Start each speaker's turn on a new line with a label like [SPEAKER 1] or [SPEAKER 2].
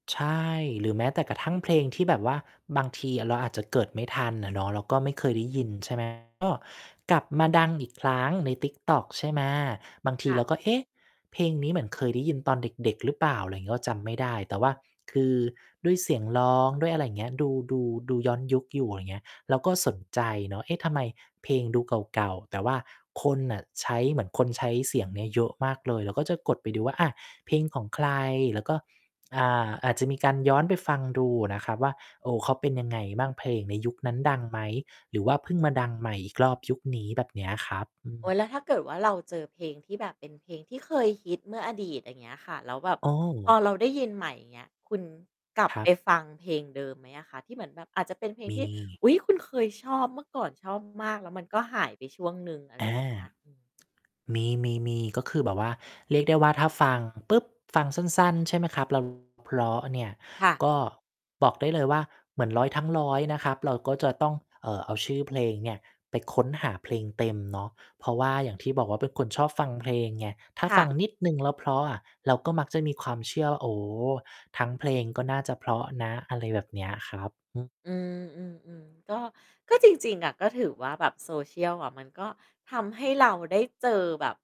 [SPEAKER 1] ใช่ หรือแม้แต่กระทั่งเพลงที่แบบว่าบางทีเราอาจจะเกิดไม่ทันอะเนาะ เราก็ไม่เคยได้ยิน ใช่ ไหม ก็กลับมาดัง อีกครั้งใน TikTok ใช่ไหม บางที
[SPEAKER 2] ค่
[SPEAKER 1] เ
[SPEAKER 2] ะ
[SPEAKER 1] ราก็ เอ๊ะ เพลงนี้เหมือนเคยได้ยินตอนเด็ก ๆ หรือเปล่า? อะไรอย่างงี้ เราจำไม่ได้ แต่ว่าคือด้วยเสียงร้อง ด้วยอะไรอย่างเงี้ย ดู ดู ดูย้อนยุคอยู่ อย่างเงี้ย เราก็สนใจเนาะ เอ๊ะ ทำไมเพลงดูเก่า ๆ แต่ว่าคนน่ะใช้ เหมือนคนใช้เสียงเนี้ยเยอะมากเลย เราก็จะกดไปดูว่า อ่า เพลง ของใคร แล้วก็ อ่า อาจจะมีการย้อนไปฟังดูอะนะครับว่า โอ้ เขาเป็นยังไงบ้าง? เพลงในยุคนั้นดังไหม? หรือว่าเพิ่งมาดังใหม่อีกรอบยุคนี้? แบบเนี้ยครับ อื
[SPEAKER 2] โอ๊
[SPEAKER 1] ม
[SPEAKER 2] ย แล้วถ้าเกิดว่า เราเจอเพลงที่แบบเป็นเพลงที่เคยฮิตเมื่ออดีต อย่างเงี้ยค่ะ แล้วแบบ
[SPEAKER 1] โอ
[SPEAKER 2] พ
[SPEAKER 1] ้
[SPEAKER 2] อเราได้ยินใหม่ อย่างเงี้ย คุณกลับ
[SPEAKER 1] คร
[SPEAKER 2] ไป
[SPEAKER 1] ับ
[SPEAKER 2] ฟังเพลงเดิมไหมอะคะ? ที่เหมือนแบบอาจจะเป็นเพลง
[SPEAKER 1] มี
[SPEAKER 2] ที่ อุ๊ย คุณเคยชอบ เมื่อก่อนชอบมาก แล้วมันก็หายไปช่วงหนึ่ง อะไร
[SPEAKER 1] อา
[SPEAKER 2] อย่างเงี้ย อืม
[SPEAKER 1] มี ๆ ๆ ก็คือแบบว่าเรียกได้ว่า ถ้าฟังปุ๊บ ฟังสั้น ๆ ใช่ไหมครับ ร้อง เพราะเนี่ย
[SPEAKER 2] ค่ะ
[SPEAKER 1] ก็บอกได้เลยว่า เหมือนร้อยทั้งร้อยนะครับ เราก็จะต้อง เอ่อ เอาชื่อเพลงเนี่ยไปค้นหาเพลงเต็มเนาะ เพราะว่าอย่างที่บอกว่า เป็นคนชอบฟังเพลงไง ถ้า
[SPEAKER 2] ค่
[SPEAKER 1] ฟ
[SPEAKER 2] ะ
[SPEAKER 1] ัง นิดหนึ่งแล้วเพราะอะ เราก็มักจะมีความเชื่อว่า โอ้โฮ ทั้งเพลงก็น่าจะเพราะนะ อะไรแบบเนี้ยครับ อืม
[SPEAKER 2] อืม ๆ ๆ ก็ ก็จริง ๆ อะ ก็ถือว่าแบบ Social อะมันก็ทำให้เราได้เจอแบบ